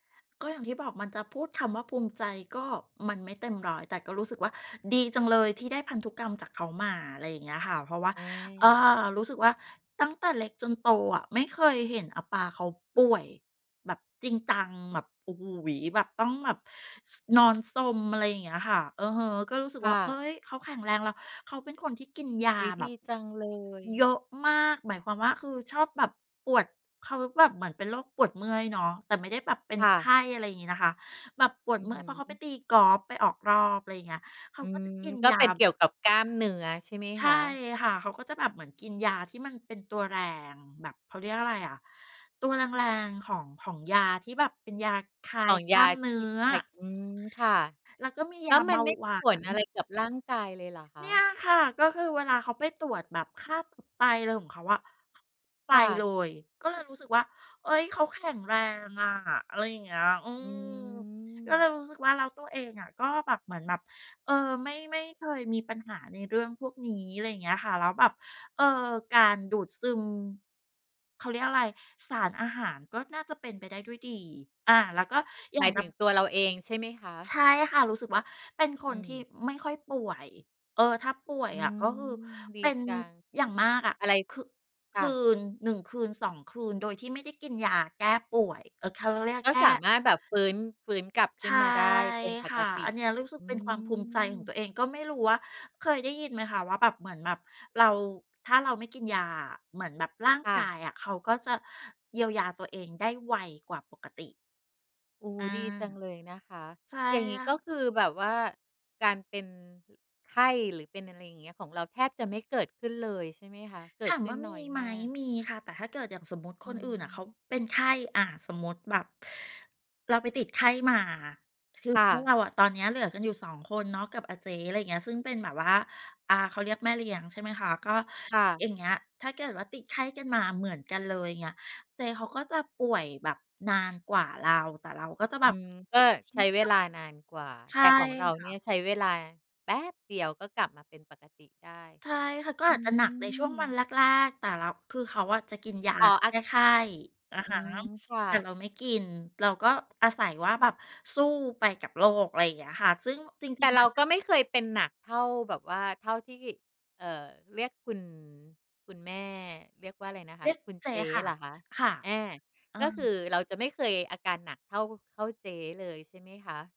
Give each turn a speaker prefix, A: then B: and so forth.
A: ก็อย่างที่บอกมันจะพูดคำว่า ภูมิใจก็มันไม่เต็ม 100 แต่ก็รู้สึกว่า ดีจังเลยที่ได้พันธุกรรมจากเขามา อะไรอย่างเงี้ยค่ะ เพราะว่า
B: อ
A: เอ่
B: า
A: อ รู้สึกว่าตั้งแต่เล็กจนโตอะ ไม่เคยเห็นอาป๋าเขาป่วยแบบจริงจังแบบ โอ้โฮ แบบต้องแบบ ส นอนซม อะไรอย่างเงี้ยค่ะ อือฮึ ก็รู้สึก
B: ค
A: ว่
B: ่
A: า เอ๊
B: ะ
A: ย เขาแข็งแรง แล้วเขาเป็นคนที่กินยา
B: อุ๊ย
A: แ
B: ด
A: บ
B: ี
A: บ
B: จังเล
A: เ
B: ย
A: ยอะมาก หมายความว่า คือ ชอบแบบปวด เขาแบบเหมือนเป็นโรคปวดเมื่อยเนาะ แต่ไม่ได้แบบเป็น
B: ค่
A: ไข
B: ะ
A: ้ อะไรงี้นะคะ แบบปว
B: อ
A: ด
B: ือ
A: เมื
B: ฮ
A: ่อย เพราะเขาไ
B: ึ
A: ปตีกอล์ฟไปออกรอบ ไรเงี้ย เขา
B: อื
A: ก็จ
B: ม
A: ะกิน
B: ก็
A: ยา
B: เป็นเกี่ยวกับกล้ามเนื้อใช่ไหม
A: ใช่
B: คะ?
A: ค่ะ เขาก็จะแบบเหมือนกินยาที่มันเป็นตัวแรงแบบ เขาเรียกอะไรอะ ตัวแรง ๆ ของ ของยาที่แบบเป็นยาคลา
B: ข
A: ย
B: อง
A: ก
B: ย
A: ล้า
B: า
A: มเนื้
B: ที่
A: อ
B: คลาย อืม ค่ะ
A: แล้วก็มี
B: แ
A: ย
B: ล้
A: า
B: ว
A: เ
B: ม
A: บ
B: ัน
A: า
B: ไม่
A: ห
B: ม
A: ว
B: ี
A: า
B: ผล
A: น
B: อะไรกับร่างกายเลยเหรอค
A: เ
B: ะ?
A: นี่ยค่ะ ก็คือเวลาเขาไปตรวจแบบค่าตับไต อะไรของเขาอะ ไป
B: ค่ะ
A: เลย ก็เลยรู้สึกว่า เอ๊ย เขาแข็งแรงอะ อะไรอย่างเงี้ย อื
B: อื
A: ม ก็เ
B: ม
A: ลยรู้สึกว่า แล้วตัวเองก็แบบ เหมือนแบบ เออ ไม่ ไม่เคยมีปัญหาในเรื่องพวกนี้ อะไรอย่างเงี้ยค่ะ แล้วแบบ เออ การดูดซึม เขาเรียกอะไร สารอาหาร ก็น่าจะเป็นไปได้ด้วยดี อา แล้วก็อย่
B: หม
A: า
B: า
A: ง
B: ย
A: แบ
B: ถึ
A: บ
B: งตัวเราเองใช่ไหมค
A: ใช
B: ะ?
A: ่ค่ะ รู้สึกว่า เป็นค
B: อื
A: นที่
B: ม
A: ไม่ค่อยป่วย เอ่อ ถ้าป่วย
B: อื
A: อะ
B: ม
A: ก็คือ
B: ดี
A: เป็น
B: จัง
A: อย่างมากอะ
B: อะไร
A: คึ
B: ค
A: ค
B: ่
A: ื
B: ะ
A: น 1 คืน 2 คืน โดยที่ไม่ได้กินยาแก้ป่วย เอ่อ เขาเรียก
B: ก็
A: แก้
B: สามารถแบบฟื้น ฟื้นกลับ
A: ใ
B: ข
A: ช
B: ึ้น
A: ่
B: มาได้เป็นป
A: ค่
B: ก
A: ะ
B: ต
A: อ
B: ิ
A: ันเนี้ยรู้สึก
B: อื
A: เป็นความภูมิใจของตั
B: ม
A: วเอง ก็ไม่รู้ว่าเคยได้ยินไหมคะว่าแบบ เหมือนแบบเรา ถ้าเราไม่กินยาอะ เหมือนแบบร่าง
B: ค่
A: กา
B: ะ
A: ยอะเขาก็จะเยียวยาตัวเองได้ไวกว่าปกติ
B: โอ้โฮ
A: อา
B: ดีจังเลยนะคะ
A: ใช่
B: อย่างงี
A: อ
B: ้ ก็
A: ะ
B: คือแบบว่าการเป็น อ ไข้ หรือเป็น อะไรอย่างเงี้ย ของเราแทบจะไม่เกิดขึ้นเลยใช่ไหมคะ? เก
A: ถ
B: ิด
A: าม
B: ขึ
A: ว
B: ้
A: ่
B: น
A: าม
B: น
A: ี
B: ้อย
A: ไหม
B: มาก
A: มีค่ะ แต่ถ้าเกิด อย่างสมมุติ
B: อ
A: ค
B: ื
A: นอื่นน่ะเขา
B: ม
A: เป็นไข้ อะ สมมุติแบบเราไปติดไข้มา คือ
B: ค่
A: ถ้า
B: ะ
A: เราอะ ตอนนี้เหลือกันอยู่ 2 คนเนาะกับอาเจ๊ อะไรเงี้ยซึ่งเป็นแบบว่า อา เขาเรียกแม่เลี้ยง ใช่ไหมคะ ก็
B: ค่
A: อ
B: ะ
A: ย่างเงี้ยถ้าเกิดว่า ติดไข้กันมาเหมือนกันเลยเงี้ย เจ๊เขาก็จะป่วยแบบนานกว่าเรา แต่เราก็จะแบ
B: อื
A: บ
B: ม ก็ใช้เวลานานกว่า
A: ใช
B: แ
A: ่
B: ต่ของเรา
A: ค
B: เน
A: ่
B: ี่
A: ะ
B: ยใช้เวลาแป๊บเดียว ก็กลับมาเป็นปกติได้
A: ใช่ค่ะ ก็
B: อื
A: อาจจะหนักในช่ว
B: ม
A: งวันแรก ๆ แต่เรา คือเขาอะจะกินยา
B: อ๋อ อ
A: แ
B: า
A: ก้ไข้ อะ
B: อื
A: ฮะ
B: ม ค่
A: แต่
B: ะ
A: เราไม่กิน เราก็อาศัยว่าแบบสู้ไปกับโรค อะไรอย่างเงี้ยค่ะ ซึ่งจร
B: แ
A: ิ
B: ต
A: ง
B: ่เรา ก็
A: ๆ
B: ไม่เคยเป็นหนักเท่าแบบว่า เท่าที่ เอ่อ เรียกคุณ คุณแม่เรียกว่า อะไรนะค
A: เร
B: ะ
A: ียก
B: คุณ
A: เจ
B: เจ
A: ๊
B: ๊
A: ค่ะ
B: เหรอคะ
A: ค่ะ
B: อา
A: เอ
B: ก็ค
A: อ
B: ือเราจะไม่เคยอาการหนักเท่า เท่าเจ๊เลยใช่ไหมคะ?